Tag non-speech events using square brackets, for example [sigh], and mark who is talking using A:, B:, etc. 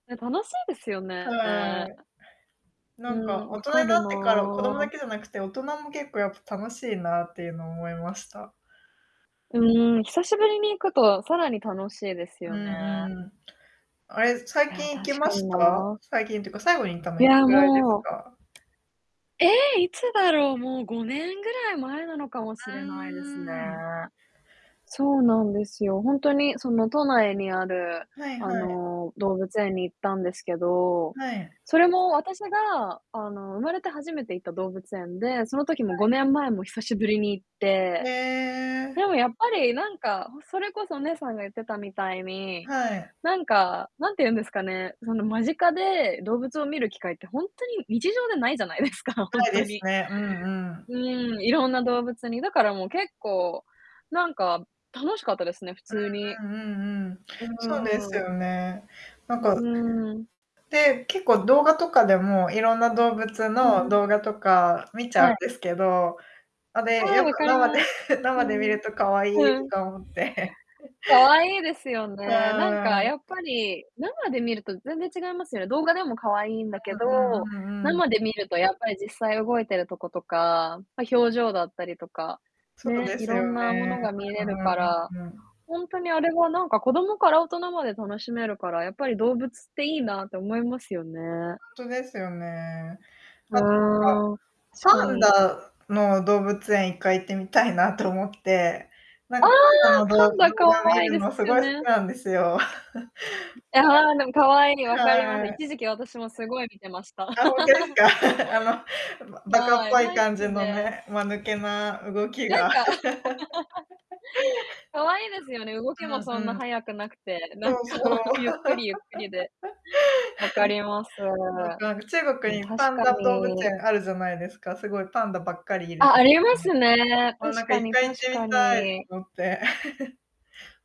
A: ね、楽しいですよ
B: は
A: ね。
B: い。な
A: う
B: んか、
A: ん、
B: 大
A: 分
B: 人
A: か
B: にな
A: る
B: ってから、子供だ
A: な。
B: けじゃなくて、大人も結構やっぱ楽しいなっていうのを思いました。
A: うん、久しぶりに行くと、さらに楽しいです
B: うん
A: よね。
B: うん。あれ、最
A: いや、
B: 近行き
A: 確
B: ま
A: かに
B: した？
A: な。
B: 最近っていうか、最後に行ったの
A: い
B: いつ
A: や
B: ぐらいです
A: もう
B: か？
A: え、いつだろう、もう5年ぐらい前なのかもし
B: あ、うー
A: れないですね。
B: ん。
A: そうなんですよ、ほんとに、その都内にある、
B: はい
A: あ
B: はい。
A: の、動物園に行ったんですけど、
B: はい。
A: それも私が、あの、生まれて初めて行った動物園で、その時
B: は
A: も、5年前も久しぶりに行っ
B: い。
A: て。
B: へえ。
A: でもやっぱり、なんか、それこそお姉さんが言ってたみたいに、
B: はい。
A: なんか、なんて言うんですかね。その、間近で動物を見る機会ってほんとに日常でないじゃないですか、ほん
B: ない
A: と
B: です
A: に。
B: ね。うんうん。
A: うん、色んな動物に。だからもう、結構、なんか楽しかったですね、普通に。
B: うんうんうんうん、
A: う
B: そうです
A: ーん。
B: よね。なん
A: うう
B: か
A: ーん。
B: で、結構動画とかでも、いろんな動物
A: うん
B: の
A: うん。
B: 動画とか見ちゃうん
A: はい。
B: ですけど、あ、で、
A: ああ、
B: やっぱ
A: 分かり
B: 生
A: ま
B: で
A: す。う
B: 生で
A: ん
B: 見
A: う
B: る
A: ん。
B: とかわいい
A: う
B: と
A: ん。
B: か思って。[chuckles]
A: 可愛いですよね。なん
B: は
A: か
B: い。
A: やっぱり、生で見ると全然違いますよね。動画でも可愛いんだけ
B: う
A: ど、
B: んうんうんうん。
A: 生で見るとやっぱり実際動いてるとことか、ま、表情だったりとか、
B: そう
A: ね、
B: です
A: 色ん
B: よ
A: なも
B: ね。
A: のが見れるか
B: [unintelligible]
A: ら。
B: うんうん。
A: ほんとにあれはなんか、子供から大人まで楽しめるから、やっぱり動物っていいなって思いますよね。
B: んとですよね。
A: う
B: あと
A: ーん、確か
B: なんか、パン
A: に。
B: ダの動物園1回行ってみたいなと思って。なん
A: ああ、
B: かパンダのどう
A: パ
B: 動
A: ン
B: 画
A: ダ可
B: 見
A: 愛いで
B: る
A: す
B: のす
A: よ
B: ごい好き
A: ね。
B: なんですよ。
A: ん、ああ、でも可愛い、
B: [laughs] [unintelligible]
A: 分かります。
B: はい。
A: 一時期私もすごい見てました。
B: あ、[unintelligible] す
A: [laughs]
B: か？[laughs] あの、ば馬鹿っ
A: はい、
B: ぽい
A: 大好
B: 感じ
A: き
B: の
A: で。
B: ね、間抜けな動き
A: なん
B: が
A: か [laughs]
B: [laughs]
A: 可愛いですよね、動
B: う
A: きも
B: ん
A: そんな
B: うん。
A: 速くなくて、な
B: そ
A: んか、
B: うそう。[laughs]
A: ゆっ
B: はい
A: くりゆっくりで。分かります。
B: なんか、中
A: う
B: 国
A: ん、
B: にパ
A: 確
B: ン
A: か
B: ダ動物
A: に。
B: 園あるじゃないですか、すごいパンダばっかりいる
A: あ、あります
B: [unintelligible]
A: ね。
B: あ、な
A: 確
B: んかい
A: か
B: っ
A: に
B: かい行っ
A: 確
B: てみ
A: か
B: たいと
A: に。
B: 思って。[chuckles]